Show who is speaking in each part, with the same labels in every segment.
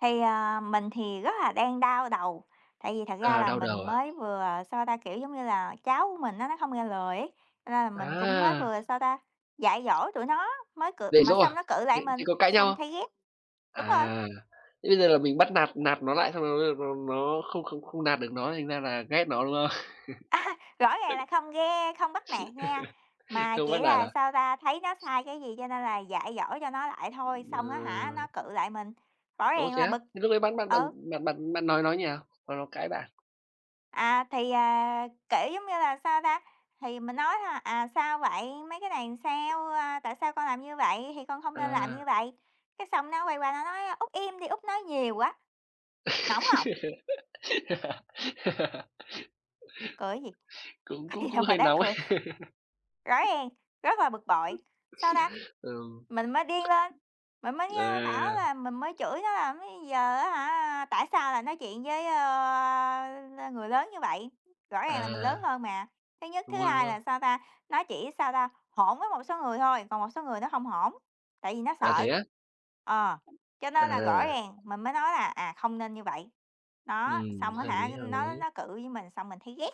Speaker 1: Thì, à, mình thì rất là đang đau đầu, tại vì thật ra
Speaker 2: À,
Speaker 1: là
Speaker 2: đau
Speaker 1: mình
Speaker 2: đầu à?
Speaker 1: mới vừa, sao ta, kiểu giống như là cháu của mình á, nó hông nghe lời ấy, cho nên là mình cũng mới
Speaker 2: À!
Speaker 1: vừa, sao ta, dạy dỗ tụi nó, mới cự
Speaker 2: Dạy
Speaker 1: mà
Speaker 2: dỗ à?
Speaker 1: xong nó cự lại
Speaker 2: Vậy vậy
Speaker 1: mình,
Speaker 2: có cãi nhau
Speaker 1: xong
Speaker 2: hông?
Speaker 1: thấy ghét. Đúng rồi.
Speaker 2: À! Thế bây giờ là mình bắt nạt nạt nó lại xong rồi bây giờ nó nó không không không nạt được nó, thành ra là ghét nó, đúng không?
Speaker 1: A ha, rõ ràng là không ghe không bắt nạt nha. Mà
Speaker 2: Không bắt
Speaker 1: chỉ
Speaker 2: nạt
Speaker 1: là,
Speaker 2: à?
Speaker 1: sao ta, thấy nó sai cái gì cho nên là dạy dỗ cho nó lại thôi, xong á hả, nó
Speaker 2: Ờ.
Speaker 1: cự lại mình, rõ
Speaker 2: Ồ,
Speaker 1: ràng
Speaker 2: thế
Speaker 1: là
Speaker 2: á?
Speaker 1: bực.
Speaker 2: Thế lúc đấy bán bạn bạn
Speaker 1: Ừ.
Speaker 2: bạn bạn bạn nói nó như nào? Mà nó cãi bạn.
Speaker 1: À, thì, à, kiểu, giống như là, sao ta, thì mình nói thôi: "À, sao vậy? Mấy cái này là sao? A, tại sao con làm như vậy? Thì con không nên làm như
Speaker 2: À.
Speaker 1: vậy." Cái xong nó quay qua nó nói: "Út im đi, Út nói nhiều quá." Nóng hông? Cười cái gì?
Speaker 2: Cũng
Speaker 1: Có
Speaker 2: cũng
Speaker 1: gì
Speaker 2: cũng
Speaker 1: đâu mà
Speaker 2: hơi
Speaker 1: đáng
Speaker 2: nóng.
Speaker 1: cười. Rõ ràng rất là bực bội. Sao ta?
Speaker 2: Ừm.
Speaker 1: Mình mới điên lên, mình mới, a, bảo
Speaker 2: À!
Speaker 1: là mình mới chửi nó là "Bây giờ á hả, tại sao lại nói chuyện với, ơ, người lớn như vậy?" Rõ ràng là mình lớn
Speaker 2: À!
Speaker 1: hơn mà, thứ nhất. Thứ
Speaker 2: Đúng rồi, đúng
Speaker 1: hai là,
Speaker 2: rồi.
Speaker 1: sao ta, nó chỉ, sao ta, hỗn với một số người thôi, còn một số người nó hông hỗn, tại vì nó
Speaker 2: À, thế
Speaker 1: sợ.
Speaker 2: á?
Speaker 1: Ờ. Cho
Speaker 2: À.
Speaker 1: nên là rõ ràng mình mới nói là, à, không nên như vậy. Đó,
Speaker 2: Ừm,
Speaker 1: xong á
Speaker 2: hợp lý,
Speaker 1: hả,
Speaker 2: hợp
Speaker 1: nó
Speaker 2: lý.
Speaker 1: nó cự với mình xong mình thấy ghét!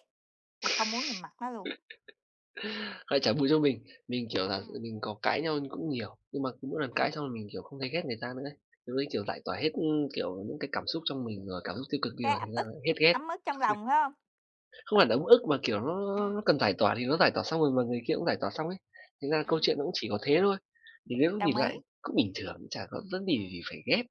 Speaker 1: À, không muốn nhìn mặt nó luôn.
Speaker 2: Ơ, chả bù cho mình, mình, kiểu là,
Speaker 1: Ừm.
Speaker 2: mình có cãi nhau như cũng nhiều, nhưng mà cứ mỗi lần cãi
Speaker 1: Ừm.
Speaker 2: xong là mình, kiểu, không thấy ghét người ta nữa đấy. Lúc đấy kiểu giải tỏa hết, ưm, kiểu những cái cảm xúc trong mình rồi, cảm xúc tiêu cực đi
Speaker 1: Khá
Speaker 2: rồi,
Speaker 1: ấp
Speaker 2: thành ra
Speaker 1: ức.
Speaker 2: là hết ghét.
Speaker 1: Ấm ức trong lòng, phải hông?
Speaker 2: Không phải là ấm ức mà, kiểu, nó nó
Speaker 1: Ừm.
Speaker 2: nó cần giải tỏa thì nó giải tỏa xong rồi mà người kia cũng giải tỏa xong ấy. Thành ra câu
Speaker 1: Ừm.
Speaker 2: chuyện nó cũng chỉ có thế thôi, thì đến lúc
Speaker 1: Đồng
Speaker 2: nhìn
Speaker 1: ý.
Speaker 2: lại, cũng bình thường, chả có vấn đề
Speaker 1: Ừm.
Speaker 2: gì phải ghét.